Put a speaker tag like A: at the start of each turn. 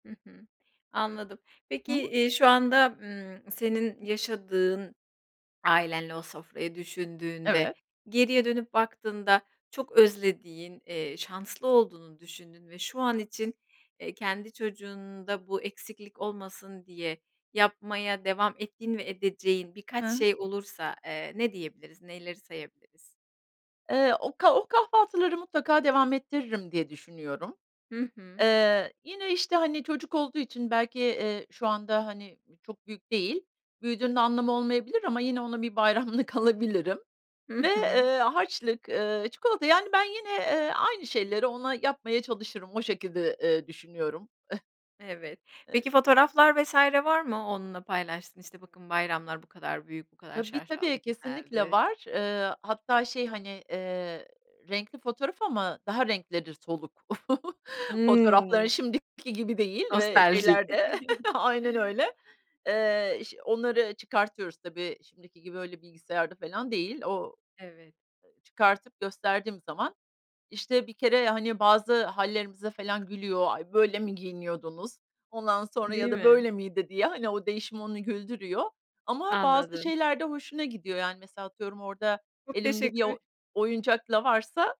A: Hı hı, anladım.
B: Hı
A: Peki,
B: hı.
A: iii, şu anda, ımm, senin yaşadığın ailenle, o sofrayı düşündüğünde,
B: Evet.
A: geriye dönüp baktığında çok özlediğin, eee, şanslı olduğunu düşündüğün ve şu an için, eee, kendi çocuğunda bu eksiklik olmasın diye yapmaya devam ettiğin ve edeceğin
B: Hı
A: birkaç
B: hı.
A: şey olursa, eee, ne diyebiliriz, neleri sayabiliriz?
B: Eee, o ka o kahvaltıları mutlaka devam ettiririm diye düşünüyorum.
A: Hı hı.
B: Eee, yine, işte, hani, çocuk olduğu için belki, eee, şu anda, hani, ııı, çok büyük değil, büyüdüğünde anlamı olmayabilir ama yine ona bir bayramlık alabilirim ve,
A: Hı hı.
B: ııı, harçlık, ııı, çikolata Yani, ben yine, eee, aynı şeyleri ona yapmaya çalışırım, o şekilde, eee, düşünüyorum.
A: Evet. Peki, fotoğraflar vs. var mı, onunla paylaştığın? "İşte, bakın bayramlar bu kadar büyük, bu kadar
B: Tabii,
A: şaşaalı,
B: tabii. Kesinlikle
A: günlerdi."
B: var. Eee, hatta şey, hani, eee, renkli fotoğraf ama daha renkleri soluk. Fotoğrafları
A: Hımm.
B: şimdiki gibi değil ve
A: Nostaljik.
B: şeyler de aynen öyle, eee, iş onları çıkartıyoruz. Tabii, şimdiki gibi öyle bilgisayarda falan değil. O
A: Evet.
B: ııı, çıkartıp gösterdiğim zaman, işte, bir kere, hani, bazı hâllerimize falan gülüyor, "Ay, böyle mi giyiniyordunuz," ondan sonra
A: Değil
B: ya da
A: mi?
B: "Böyle miydi?" diye, hani, o değişim onu güldürüyor. Ama bazı
A: Anladım.
B: şeyler de hoşuna gidiyor. Yani, mesela, atıyorum, orada
A: Çok
B: elimde bir
A: teşekkür
B: o oyuncakla varsa